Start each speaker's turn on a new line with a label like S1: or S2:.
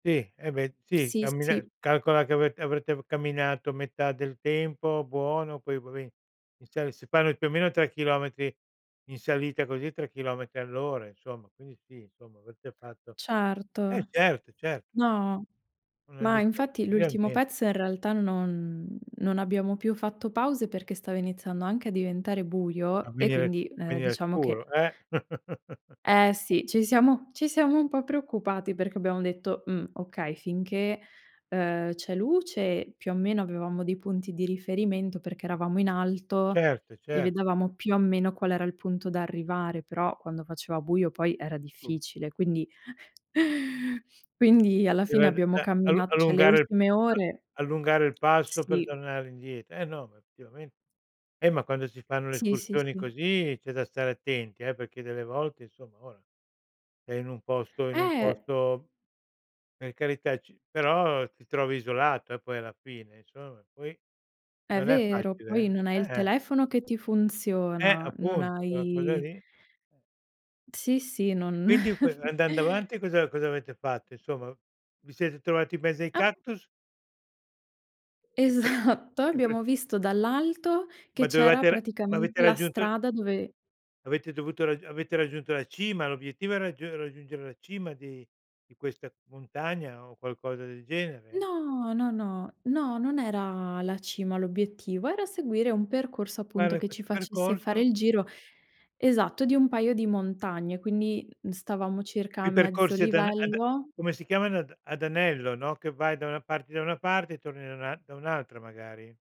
S1: Sì, eh beh,
S2: P
S1: sì
S2: sì,
S1: cammina
S2: sì.
S1: calcola che avete avrete camminato metà del tempo, buono. Poi vabbè inizia si fanno più o meno 3 chilometri in salita così, 3 chilometri all'ora insomma. Quindi sì insomma avete fatto eh
S2: Certo.
S1: certo, certo.
S2: No,
S1: Una
S2: ma
S1: distanza
S2: infatti
S1: così
S2: l'ultimo
S1: almeno.
S2: pezzo in realtà non non abbiamo più fatto pause perché stava iniziando anche a diventare
S1: A
S2: buio, e
S1: venire s
S2: quindi, ehm,
S1: venire
S2: diciamo che
S1: scuro, eh.
S2: Eh sì, ci siamo ci siamo un po' preoccupati perché abbiamo detto: "Mhmm, okay", finché, ehm, c'è luce più o meno avevamo dei punti di riferimento perché eravamo in alto
S1: Certo,
S2: e
S1: cer
S2: vedevamo più o meno qual era il punto da arrivare, però quando faceva buio poi era
S1: [unintelligible]
S2: difficile. Quindi quindi alla fine
S1: Era da
S2: abbiamo
S1: da allun
S2: cammina cioè le
S1: allungare
S2: ultime
S1: [unintelligible]
S2: ore
S1: allungare il passo per
S2: Sì.
S1: tornare indie Eh no, ma effettivame Eh ma quando si fanno le
S2: Sì, sì,
S1: escursioni
S2: sì.
S1: così c'è da stare attenti eh, perché delle volte insomma ora, è in un posto in un
S2: Eh.
S1: posto per carità, c però ti trovi isolato eh, poi alla fine insomma; e poi
S2: È
S1: non è
S2: vero, poi
S1: facile
S2: non hai
S1: eh.
S2: il
S1: Eh-eh!
S2: telefono che ti
S1: Eh,
S2: funziona, non
S1: appunto quella cosa
S2: hai
S1: lì. Eh.
S2: Sì, sì,
S1: E
S2: non
S1: quindi co andando avanti cosa cosa avete fatto insomma? Vi siete trovati in mezzo ai
S2: Ap
S1: cactus? E pr
S2: Esatto, e
S1: e pr
S2: abbiamo visto dall'alto che
S1: Ma
S2: c'era
S1: dovevate ra ma
S2: praticamente
S1: avete
S2: la
S1: raggiunto
S2: strada dove
S1: Avete dovuto rag avete raggiunto la cima, l'obiettivo è raggiu è raggiungere la cima di di questa montagna o qualcosa del genere?
S2: No. No, no. No, non era la cima l'obiettivo, era seguire un percorso appunto
S1: Fare
S2: che ci
S1: questo
S2: facesse fare
S1: percorso,
S2: il giro,
S1: okay.
S2: esatto, di un paio di montagne, quindi, mhmm, stavamo circa a
S1: Quei
S2: mezzo
S1: percorsi ad ane ad
S2: livello.
S1: come si chiamano ad ad anello, no, che vai da una parti da una parte e torni da una da un'altra magari.